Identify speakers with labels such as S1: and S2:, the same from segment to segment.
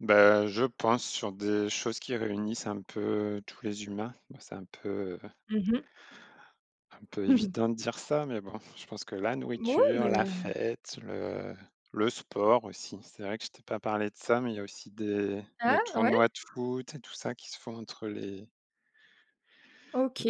S1: Bah, je pense sur des choses qui réunissent un peu tous les humains. Ben, c'est un peu, heu
S2: Mmh mh.
S1: un peu évident de dire ça, mais bon, je pense que la
S2: Moui,
S1: nourriture,
S2: mais
S1: la fête, le le sport aussi. C'est vrai que je t'ai pas parlé de ça, mais il y a aussi des
S2: Ah?
S1: des
S2: Ouais?
S1: tournois de foot et tout ça qui se font entre les
S2: OK
S1: Heu,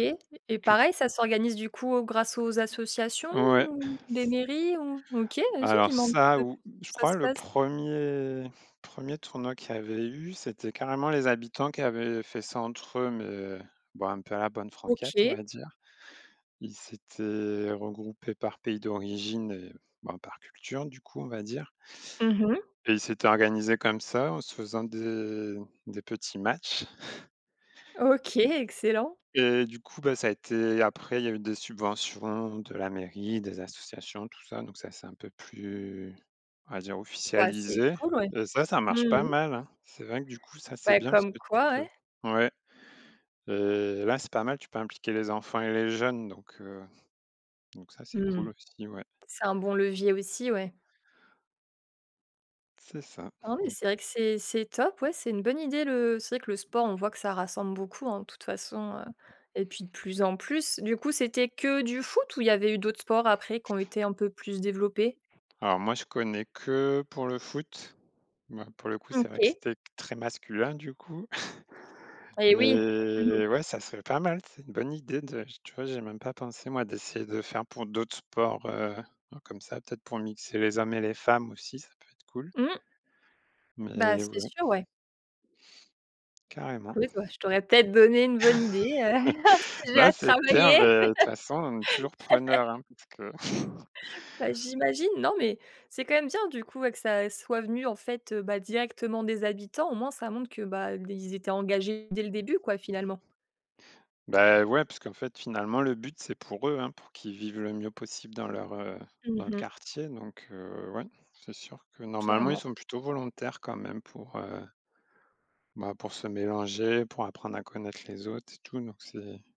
S1: les
S2: et
S1: cult
S2: pareil, ça s'organise du coup grâce aux associations
S1: Ouais. C
S2: ou, des mairies ou OK, vas-y, dis
S1: Alors
S2: m'en un petit
S1: ça
S2: peu pl
S1: ou je
S2: ça
S1: crois
S2: se
S1: le
S2: passe
S1: 1er- 1er tournoi qu'il y avait eu, c'était carrément les habitants qui avaient fait ça entre eux, mais bon, un peu à la bonne franquette, on va
S2: OK.
S1: dire. Ils s'étaient regroupés par pays d'origine et ben par culture du coup, on va dire
S2: Mmh mh.
S1: et ils s'étaient organisés comme ça, en se faisant des des petits matchs
S2: OK, excellent.
S1: et du coup, ben ça a été, après, il y a eu des subventions de la mairie, des associations, tout ça, donc ça, c'est un peu plus, on va dire
S2: Bah, c'est
S1: officialisé
S2: cool ouais.
S1: et ça, ça
S2: Mmh
S1: marche pas
S2: mh.
S1: mal, hein. C'est vrai que du coup, ça, c'est
S2: Bah
S1: bien parce
S2: comme
S1: que tu
S2: quoi,
S1: peux
S2: ouais.
S1: ouais et là, c'est pas mal, tu peux impliquer les enfants et les jeunes, donc heu, donc ça, c'est
S2: Mmh.
S1: cool aussi, ouais.
S2: C'est un bon levier aussi, ouais.
S1: C'est ça.
S2: Ah, oui,
S1: Don
S2: c'est vrai que c'est c'est top, oui. C'est une bonne idée le c'est vrai que le sport, on voit que ça rassemble beaucoup, hein, de toute façon, heu, et puis de plus en plus. Du coup, c'était que du foot ou il y avait eu d'autres sports après qui ont été un peu plus développés?
S1: Alors, moi, je connais que pour le foot. Mouais, pour le coup, c'est vrai que
S2: OK.
S1: c'était très masculin du coup.
S2: Et oui. Mmh mh.
S1: Mais ouais, ça serait pas mal. C'est une bonne idée de tu vois? J'y ai même pas pensé moi, d'essayer de faire pour d'autres sports, heu, comme ça, peut-être pour mixer les hommes et les femmes aussi, ça peut être cool.
S2: Mmh. Bah,
S1: Mais
S2: c'est
S1: ouais.
S2: sûr, ouais.
S1: Carrément.
S2: Écoute, bah, je t'aurais peut être donné une bonne idée, heu, j'ai
S1: Ben,
S2: à
S1: c'est clair,
S2: travailler.
S1: mais de toute façon, on est toujours preneur, hein, parce que
S2: Bah, j'imagine. Non, mais c'est quand même bien du coup que ça soit venu en fait, heu, bah, directement des habitants, au moins ça montre que, bah, ils étaient engagés dès le début quoi, finalement.
S1: Beh, ouais, puisqu'en fait finalement le but, c'est pour eux, hein, pour qu'ils vivent le mieux possible dans leur, heu,
S2: Mmh
S1: dans le
S2: mh.
S1: quartier, donc heu ouais, c'est sûr que normalement, ils
S2: Clairement.
S1: sont plutôt volontaires quand même pour, heu bah, pour se mélanger, pour apprendre à connaître les autres et tout, donc c'est